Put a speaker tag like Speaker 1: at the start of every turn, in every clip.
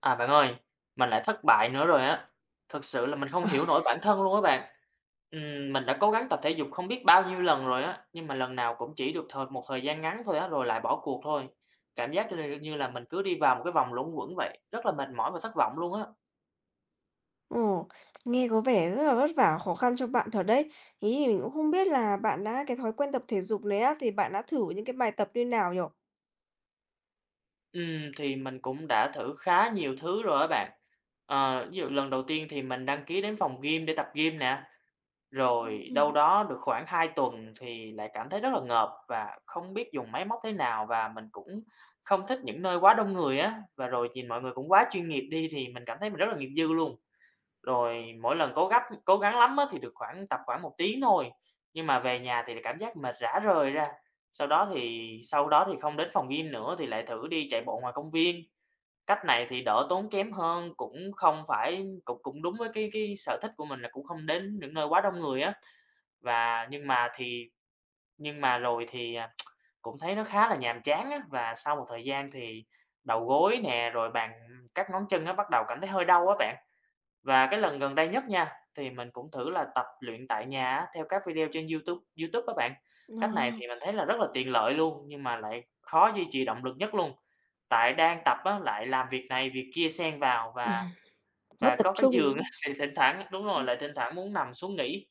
Speaker 1: À, bạn ơi. Mình lại thất bại nữa rồi á. Thực sự là mình không
Speaker 2: Ờ.
Speaker 1: hiểu nổi bản thân luôn á bạn. Ừm, mình đã cố gắng tập thể dục không biết bao nhiêu lần rồi á, nhưng mà lần nào cũng chỉ được thời một thời gian ngắn thôi á, rồi lại bỏ cuộc thôi. Cảm giác như là, ờ, như là mình cứ đi vào một cái vòng luẩn quẩn vậy, rất là mệt mỏi và thất vọng luôn á.
Speaker 2: Ồ. Nghe có vẻ rất là vất vả khó khăn cho bạn thật đấy. Ý giờ cũng không biết là bạn đã cái thói quen tập thể dục này á, thì bạn đã thử những cái bài tập như nào nhỉ?
Speaker 1: Ừm, thì mình cũng đã thử khá nhiều thứ rồi đó bạn. Ờ, ví dụ lần đầu tiên thì mình đăng ký đến phòng gym để tập gym nè, rồi
Speaker 2: Ừm.
Speaker 1: đâu đó được khoảng 2 tuần thì lại cảm thấy rất là ngợp và không biết dùng máy móc thế nào và mình cũng không thích những nơi quá đông người á, và rồi nhìn mọi người cũng quá chuyên nghiệp đi thì mình cảm thấy mình rất là nghiệp dư luôn, rồi mỗi lần cố gắp cố gắng lắm thì được khoảng tập khoảng 1 tiếng thôi, nhưng mà về nhà thì lại cảm giác mệt rã rời ra. Sau đó thì sau đó thì không đến phòng gym nữa thì lại thử đi chạy bộ ngoài công viên, cách này thì đỡ tốn kém hơn, cũng không phải cũng cũng đúng với cái cái sở thích của mình là cũng không đến những nơi quá đông người á. Và nhưng mà thì nhưng mà rồi thì, ờ, cũng thấy nó khá là nhàm chán á và sau một thời gian thì đầu gối nè, rồi bàn các ngón chân bắt đầu cảm thấy hơi đau á bạn. Và cái lần gần đây nhất nha, thì mình cũng thử là tập luyện tại nhà á theo các video trên YouTube, YouTube á bạn, cách này
Speaker 2: Wow.
Speaker 1: thì mình thấy là rất là tiện lợi luôn, nhưng mà lại khó duy trì động lực nhất luôn. Tại đang tập á lại làm việc này việc kia xen vào
Speaker 2: Ừm.
Speaker 1: và
Speaker 2: Mất
Speaker 1: và
Speaker 2: tập
Speaker 1: có cái
Speaker 2: trung,
Speaker 1: giường
Speaker 2: đúng
Speaker 1: á
Speaker 2: không?
Speaker 1: thì thỉnh thoảng đúng rồi,
Speaker 2: Ừm.
Speaker 1: lại thỉnh thoảng muốn nằm xuống nghỉ.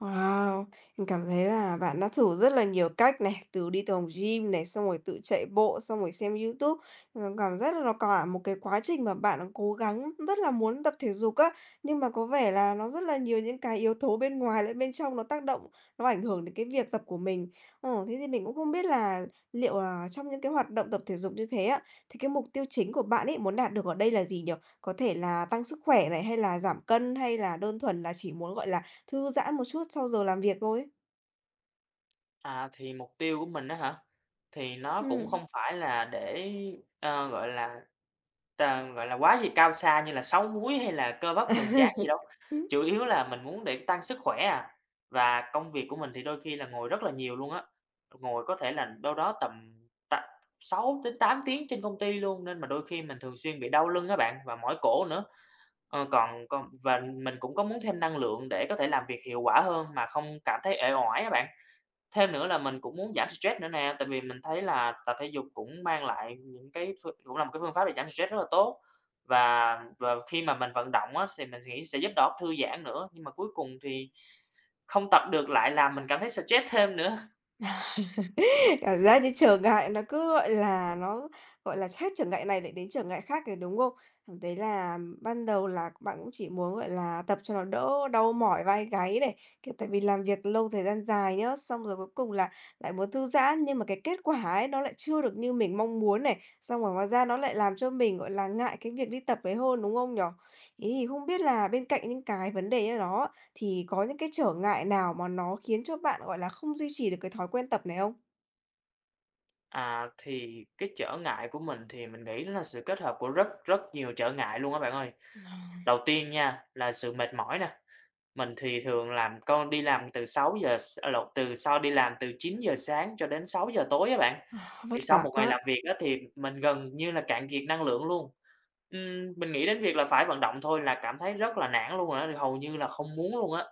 Speaker 2: Wow! Mình cảm thấy là bạn đã thử rất là nhiều cách này, từ đi từ tòng gym này, xong rồi tự chạy bộ, xong rồi xem YouTube mà cảm giác là cả một cái quá trình mà bạn đã cố gắng, rất là muốn tập thể dục á, nhưng mà có vẻ là nó rất là nhiều những cái yếu tố bên ngoài lẫn bên trong nó tác động, nó ảnh hưởng đến cái việc tập của mình. Ồ, thế thì mình cũng không biết là liệu là trong những cái hoạt động tập thể dục như thế á, thì cái mục tiêu chính của bạn ấy muốn đạt được ở đây là gì nhỉ? Có thể là tăng sức khỏe này, hay là giảm cân, hay là đơn thuần là chỉ muốn, gọi là, thư giãn một chút sau giờ làm việc thôi?
Speaker 1: À, thì mục tiêu của mình á hả? Thì nó cũng
Speaker 2: Ừm.
Speaker 1: không phải là để, ơ, gọi là, t gọi là quá gì cao xa như là 6 múi hay là cơ bắp cường tráng gì đâu,
Speaker 2: Ưm.
Speaker 1: chủ yếu là mình muốn để tăng sức khỏe à. Và công việc của mình thì đôi khi là ngồi rất là nhiều luôn á, ngồi có thể là đâu đó tầm t 6-8 tiếng trên công ty luôn nên mà đôi khi mình thường xuyên bị đau lưng á bạn và mỏi cổ nữa. Ờ, còn còn và mình cũng có muốn thêm năng lượng để có thể làm việc hiệu quả hơn mà không cảm thấy uể oải á bạn. Thêm nữa là mình cũng muốn giảm stress nữa nè, tại vì mình thấy là tập thể dục cũng mang lại những cái phương cũng là một cái phương pháp để giảm stress rất là tốt. Và và khi mà mình vận động á thì mình nghĩ sẽ giúp đầu óc thư giãn nữa, nhưng mà cuối cùng thì không tập được lại làm mình cảm thấy stress thêm nữa.
Speaker 2: Cảm giác như trở ngại nó cứ, gọi là, nó, gọi là, hết trở ngại này lại đến trở ngại khác ấy, đúng không? Cảm thấy là ban đầu là bạn cũng chỉ muốn, gọi là, tập cho nó đỡ đau mỏi vai gáy này, cái, tại vì làm việc lâu thời gian dài nhá, xong rồi cuối cùng là lại muốn thư giãn nhưng mà cái kết quả ấy nó lại chưa được như mình mong muốn này, xong rồi ngoài ra nó lại làm cho mình, gọi là, ngại cái việc đi tập ấy hơn, đúng không nhỉ? Thế thì không biết là bên cạnh những cái vấn đề như đó thì có những cái trở ngại nào mà nó khiến cho bạn, gọi là, không duy trì được cái thói quen tập này không?
Speaker 1: À, thì cái trở ngại của mình thì mình nghĩ nó là sự kết hợp của rất, rất nhiều trở ngại luôn á bạn ơi.
Speaker 2: Vâng.
Speaker 1: Đầu tiên nha là sự mệt mỏi nè, mình thì thường làm con đi làm từ 6:00 s à, lộn, từ sau đi làm từ 9:00 sáng cho đến 6:00 tối á
Speaker 2: Ờ, vất
Speaker 1: bạn.Thì sau
Speaker 2: vả
Speaker 1: một ngày
Speaker 2: quá.
Speaker 1: làm việc á thì m mình gần như là cạn kiệt năng lượng luôn. Ừm, mình nghĩ đến việc là phải vận động thôi là cảm thấy rất là nản luôn rồi á, hầu như là không muốn luôn á.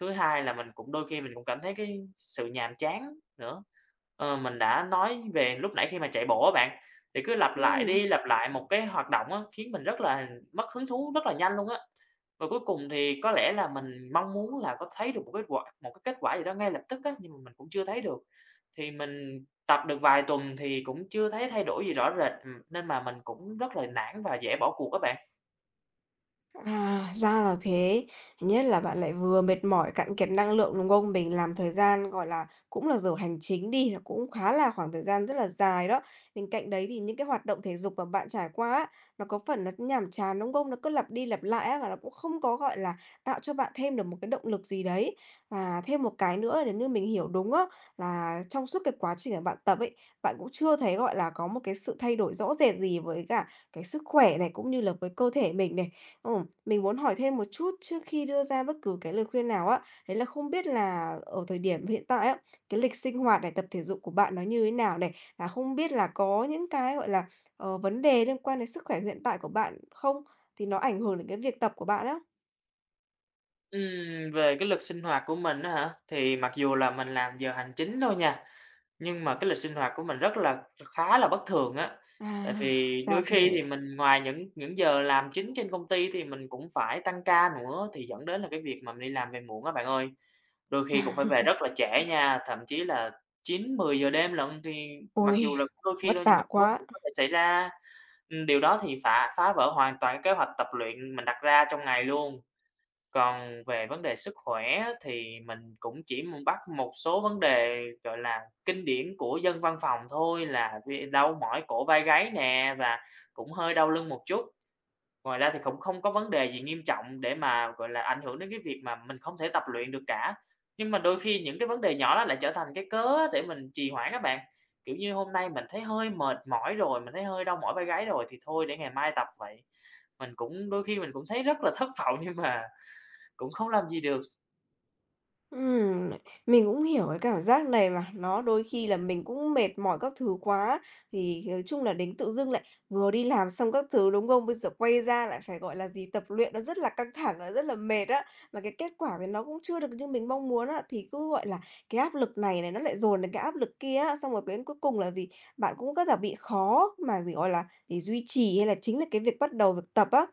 Speaker 1: Thứ hai là mình cũng đôi khi mình cũng cảm thấy cái sự nhàm chán nữa. Ờ, mình đã nói về lúc nãy khi mà chạy bộ á bạn, thì cứ lặp lại
Speaker 2: Ừm.
Speaker 1: đi, lặp lại một cái hoạt động á, khiến mình rất là mất hứng thú rất là nhanh luôn á. Và cuối cùng thì có lẽ là mình mong muốn là có thấy được một kết quả một cái kết quả gì đó ngay lập tức á, nhưng mà mình cũng chưa thấy được. Thì mình tập được vài tuần thì cũng chưa thấy thay đổi gì rõ rệt, ừm, nên mà mình cũng rất là nản và dễ bỏ cuộc á bạn.
Speaker 2: À, ra là thế. Thứ nhất là bạn lại vừa mệt mỏi, cạn kiệt năng lượng, đúng không? Mình làm thời gian, gọi là, cũng là giờ hành chính đi, là cũng khá là khoảng thời gian rất là dài đó. Bên cạnh đấy thì những cái hoạt động thể dục mà bạn trải qua á, nó có phần nó nhàm chán, đúng không? Nó cứ lặp đi lặp lại á và nó cũng không có, gọi là, tạo cho bạn thêm được một cái động lực gì đấy. Và thêm một cái nữa nếu như mình hiểu đúng á, là trong suốt cái quá trình mà bạn tập ấy, bạn cũng chưa thấy, gọi là, có một cái sự thay đổi rõ rệt gì với cả cái sức khỏe này cũng như là với cơ thể mình này. Ừ, mình muốn hỏi thêm một chút trước khi đưa ra bất cứ cái lời khuyên nào á. Đấy là không biết là ở thời điểm hiện tại á, cái lịch sinh hoạt này, tập thể dục của bạn nó như thế nào này? Và không biết là có những cái, gọi là, ờ, vấn đề liên quan đến sức khỏe hiện tại của bạn không? Thì nó ảnh hưởng đến cái việc tập của bạn á.
Speaker 1: Ừm, về cái lịch sinh hoạt của mình á hả, thì mặc dù là mình làm giờ hành chính thôi nha, nhưng mà cái lịch sinh hoạt của mình rất là kh khá là bất thường á. Tại
Speaker 2: À,
Speaker 1: vì đôi
Speaker 2: ra
Speaker 1: khi thì
Speaker 2: thế.
Speaker 1: mình ngoài những những giờ làm chính trên công ty thì mình cũng phải tăng ca nữa, thì dẫn đến là cái việc mình đi làm về muộn á bạn ơi. Đôi khi cũng phải về rất là trễ
Speaker 2: Ừ.
Speaker 1: nha, thậm chí là 9, 10:00 đêm lận, thì mặc dù
Speaker 2: Ôi,
Speaker 1: là đôi khi
Speaker 2: vất
Speaker 1: thôi nhưng mà
Speaker 2: vả
Speaker 1: cũng có
Speaker 2: quá!
Speaker 1: [unintelligible] cái phải xảy ra. Ừm, điều đó thì phà phá vỡ hoàn toàn kế hoạch tập luyện mình đặt ra trong ngày luôn. Còn về vấn đề sức khỏe thì mình cũng chỉ mùng bắt một số vấn đề, gọi là, kinh điển của dân văn phòng thôi là về đau mỏi cổ vai gáy nè và cũng hơi đau lưng một chút. Ngoài ra thì cũng không có vấn đề gì nghiêm trọng để mà, gọi là, ảnh hưởng đến cái việc mà mình không thể tập luyện được cả. Nhưng mà đôi khi những cái vấn đề nhỏ đó lại trở thành cái cớ á để mình trì hoãn á bạn, kiểu, như hôm nay mình thấy hơi mệt mỏi rồi, mình thấy hơi đau mỏi vai gáy rồi thì thôi để ngày mai tập vậy. Mình cũng đôi khi mình cũng thấy rất là thất vọng nhưng mà cũng không làm gì được.
Speaker 2: Ừm này, mình cũng hiểu cái cảm giác này mà, nó đôi khi là mình cũng mệt mỏi các thứ quá, thì nói chung là đến tự dưng lại vừa đi làm xong các thứ, đúng không? Bây giờ quay ra lại phải, gọi là gì, tập luyện nó rất là căng thẳng, rất là mệt á, mà cái kết quả thì nó cũng chưa được như mình mong muốn á, thì cứ gọi là cái áp lực này này nó lại dồn đến cái áp lực kia á. Xong rồi đến cuối cùng là gì, bạn cũng rất là bị khó mà để, gọi là, để duy trì hay là chính là cái việc bắt đầu việc tập á.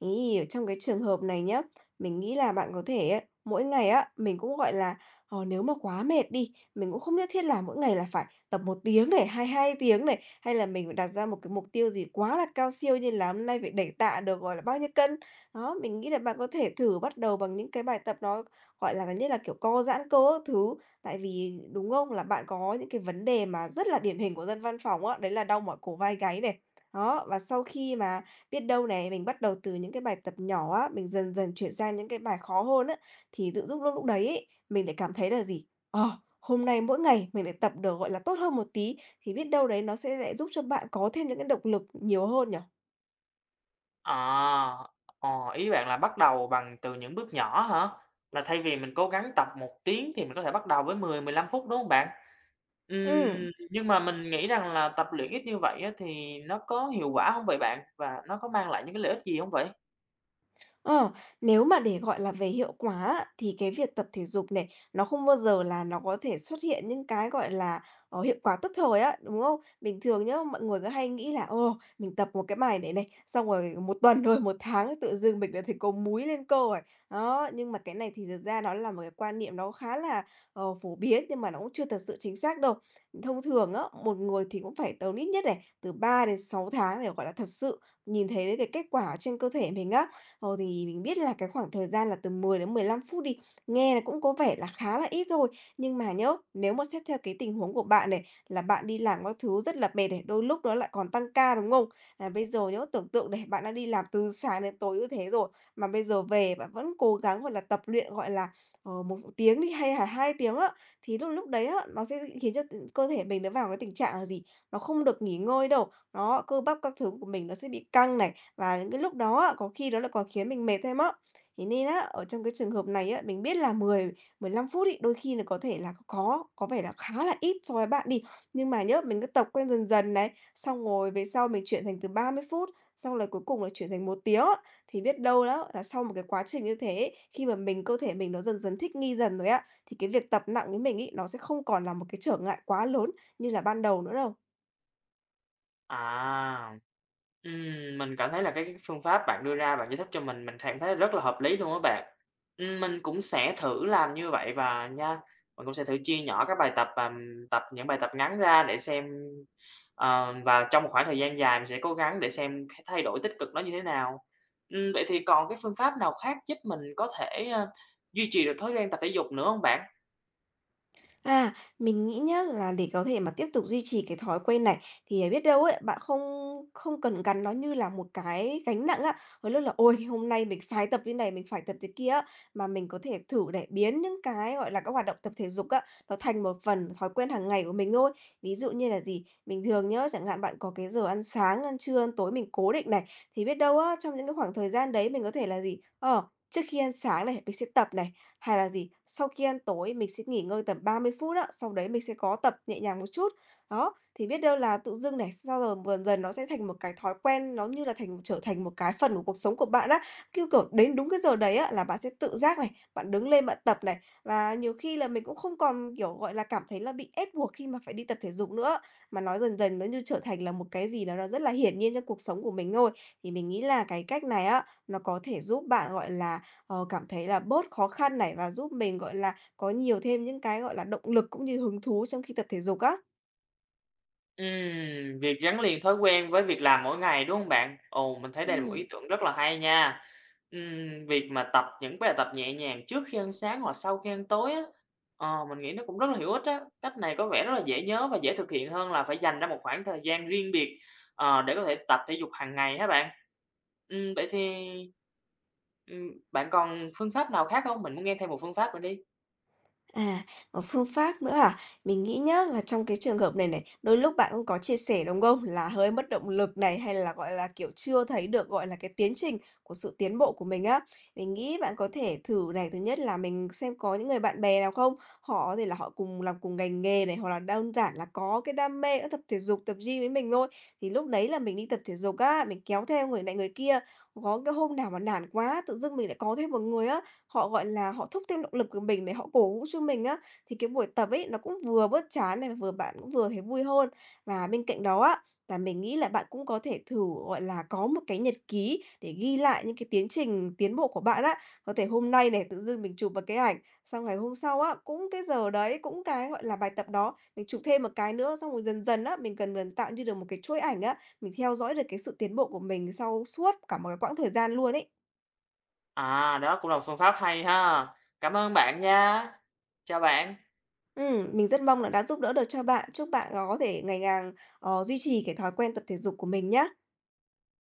Speaker 2: Thế thì ở trong cái trường hợp này nhớ, mình nghĩ là bạn có thể á, mỗi ngày á mình cũng, gọi là, ờ, nếu mà quá mệt đi, mình cũng không nhất thiết là mỗi ngày là phải tập 1 tiếng này, hay 2 tiếng này, hay là mình đặt ra một cái mục tiêu gì quá là cao siêu như là hôm nay phải đẩy tạ được, gọi là, bao nhiêu cân. Đó, mình nghĩ là bạn có thể thử bắt đầu bằng những cái bài tập nó, gọi là, gần như là kiểu co giãn cơ các thứ. Tại vì, đúng không, là bạn có những cái vấn đề mà rất là điển hình của dân văn phòng á, đấy là đau mỏi cổ vai gáy này. Đó, và sau khi mà biết đâu này mình bắt đầu từ những cái bài tập nhỏ á, mình dần dần chuyển sang những cái bài khó hơn á, thì tự dưng lúc đấy ấy, mình lại cảm thấy là gì, ờ, hôm nay mỗi ngày mình lại tập được, gọi là, tốt hơn một tí thì biết đâu đấy nó sẽ lại giúp cho bạn có thêm những cái động lực nhiều hơn nhỉ?
Speaker 1: À, ồ, ý bạn là bắt đầu bằng từ những bước nhỏ hả? Là thay vì mình cố gắng tập 1 tiếng thì mình có thể bắt đầu với 10, 15 phút, đúng hông bạn?
Speaker 2: Ừm.
Speaker 1: Ừm, nhưng mà mình nghĩ rằng là tập luyện ít như vậy á thì nó có hiệu quả hông vậy bạn? Và nó có mang lại những cái lợi ích gì hông vậy?
Speaker 2: Ờ, nếu mà để gọi là về hiệu quả á, thì cái việc tập thể dục này, nó không bao giờ là nó có thể xuất hiện những cái, gọi là, ờ, hiệu quả tức thời á, đúng không? Bình thường nhá, mọi người cứ hay nghĩ là, ồ, mình tập 1 cái bài này này, xong rồi 1 tuần, rồi 1 tháng tự dưng mình lại thấy có múi, lên cơ rồi. Đó, nhưng mà cái này thì thật ra nó là một cái quan niệm nó khá là, ờ, phổ biến nhưng mà nó cũng chưa thật sự chính xác đâu. Thông thường á, một người thì cũng phải tầm ít nhất này từ 3-6 tháng để, gọi là, thật sự nhìn thấy được cái kết quả ở trên cơ thể mình á. Ờ, thì mình biết là cái khoảng thời gian là từ 10-15 phút đi, nghe nó cũng có vẻ là khá là ít thôi, nhưng mà nhá, nếu mà xét theo cái tình huống của bạn này, là bạn đi làm các thứ rất là mệt này, đôi lúc nó lại còn tăng ca, đúng hông? Là bây giờ nhá tưởng tượng này, bạn đang đi làm từ sáng đến tối như thế rồi, mà bây giờ về bạn vẫn cố gắng, gọi là, tập luyện, gọi là, ờ, 1 v tiếng đi, hay hà 2 tiếng á, thì lúc lúc đấy á, nó sẽ, ư, khiến cho t cơ thể mình nó vào cái tình trạng là gì? Nó không được nghỉ ngơi đâu, đó, cơ bắp các thứ của mình nó sẽ bị căng này, và những cái lúc đó có khi nó còn khiến mình mệt thêm á. Thế nên á, ở trong cái trường hợp này á, mình biết là 10-15 phút ấy, đôi khi nà có thể là có có vẻ là khá là ít so với bạn đi. Nhưng mà nhé, mình cứ tập quen dần dần này, xong rồi về sau mình chuyển thành từ 30 phút, xong là cuối cùng là chuyển thành 1 tiếng á. Thì biết đâu đó là sau một cái quá trình như thế ấy, khi mà mình, cơ thể mình nó dần dần thích nghi dần rồi á, thì cái việc tập nặng với mình ấy, nó sẽ không còn là một cái trở ngại quá lớn như là ban đầu nữa đâu.
Speaker 1: À. Ừm, mình cảm thấy là cái phương pháp bạn đưa ra bạn giải thích cho mình, mình cảm thấy rất là hợp lý luôn á bạn. Ừm, mình cũng sẽ thử làm như vậy và nha. Mình cũng sẽ thử chia nhỏ các bài tập và, ừm, tập những bài tập ngắn ra để xem, ờ, và trong một khoảng thời gian dài mình sẽ cố gắng để xem c thay đổi tích cực nó như thế nào. Ừm, vậy thì còn cái phương pháp nào khác giúp mình có thể, ơ, duy trì được thói quen tập thể dục nữa hông bạn?
Speaker 2: À, mình nghĩ nhá, là để có thể tiếp tục duy trì cái thói quen này thì, ờ, biết đâu á, bạn không không cần gắn nó như là một cái gánh nặng á. Đôi lúc là, ôi, hôm nay mình phái tập như này, mình phải tập thế kia á, mà mình có thể thử này biến những cái, gọi là, các hoạt động tập thể dục á, nó thành một phần thói quen hàng ngày của mình thôi. Ví dụ như là gì, bình thường nhớ, chẳng hạn bạn có cái giờ ăn sáng, ăn trưa, ăn tối mình cố định này, thì biết đâu á trong những cái khoảng thời gian đấy mình có thể là gì, ờ, trước khi ăn sáng này mình sẽ tập này, hay là gì, sau khi ăn tối mình sẽ nghỉ ngơi tầm 30 phút á, sau đấy mình sẽ có tập nhẹ nhàng một chút. Đó, thì biết đâu là tự dưng này, sau rồi gần dần nó sẽ thành một cái thói quen nó như là thành trở thành một cái phần của cuộc sống của bạn á. Cứ, kiểu, đến đúng cái giờ đấy là bạn sẽ tự giác này, bạn đứng lên bạn tập này, và nhiều khi là mình cũng không còn, kiểu, gọi là, cảm thấy là bị ép buộc khi mà phải đi tập thể dục nữa. Mà nó dần dần nó như trở thành là một cái gì đó nó rất là hiển nhiên trong cuộc sống của mình thôi. Thì mình nghĩ là cái cách này á, nó có thể giúp bạn, gọi là, ờ, cảm thấy là bớt khó khăn này và giúp mình, gọi là, có nhiều thêm những cái, gọi là, động lực cũng như hứng thú trong khi tập thể dục á.
Speaker 1: Ừm, việc gắn liền thói quen với việc làm mỗi ngày, đúng hông bạn? Ồ, mình thấy đây là một ý
Speaker 2: Ừm.
Speaker 1: tưởng rất là hay nha! Ừm, việc mà tập những bài tập nhẹ nhàng trước khi ăn sáng, hoặc sau khi ăn tối á, ờ, mình nghĩ nó cũng rất là hữu ích á, cách này có vẻ rất là dễ nhớ và dễ thực hiện hơn là phải dành ra một khoảng thời gian riêng biệt, ờ, để có thể tập thể dục hàng ngày ha bạn. Ừm, vậy thì, ừm, bạn còn phương pháp nào khác hông? Mình muốn nghe thêm một phương pháp nữa đi.
Speaker 2: À, một phương pháp nữa à? Mình nghĩ nhá là trong cái trường hợp này này, đôi lúc bạn cũng có chia sẻ, đúng không? Là hơi mất động lực này, hay là, gọi là, kiểu, chưa thấy được, gọi là, cái tiến trình của sự tiến bộ của mình á. Mình nghĩ bạn có thể thử này, thứ nhất là mình xem có những người bạn bè nào không? Họ có thể là họ cùng làm cùng ngành nghề này, hoặc là đơn giản là có cái đam mê, ơ, tập thể dục, tập gym với mình thôi, thì lúc đấy là mình đi tập thể dục á, mình kéo theo người này người kia. Có cái hôm nào mà nản quá, tự dưng mình lại có thêm một người á, họ, gọi là, họ thúc thêm động lực của mình để họ cổ vũ cho mình á, thì cái buổi tập ấy, nó cũng vừa bớt chán này, vừa bạn cũng vừa thấy vui hơn. Và bên cạnh đó á, là mình nghĩ là bạn cũng có thể thử, gọi là, có một cái nhật ký để ghi lại những cái tiến trình tiến bộ của bạn á. Có thể hôm nay này, tự dưng mình chụp một cái ảnh, xong ngày hôm sau á, cũng cái giờ đấy, cũng cái, gọi là, bài tập đó, mình chụp thêm một cái nữa, xong rồi dần dần á, mình gần gần tạo như được một cái chuỗi ảnh á, mình theo dõi được cái sự tiến bộ của mình sau suốt cả một cái quãng thời gian luôn ấy.
Speaker 1: À, đó cũng là một phương pháp hay ha. Cảm ơn bạn nha! Chào bạn!
Speaker 2: Ừm, mình rất mong là đã giúp đỡ được cho bạn. Chúc bạn là có thể ngày càng, ờ, duy trì cái thói quen tập thể dục của mình nhá.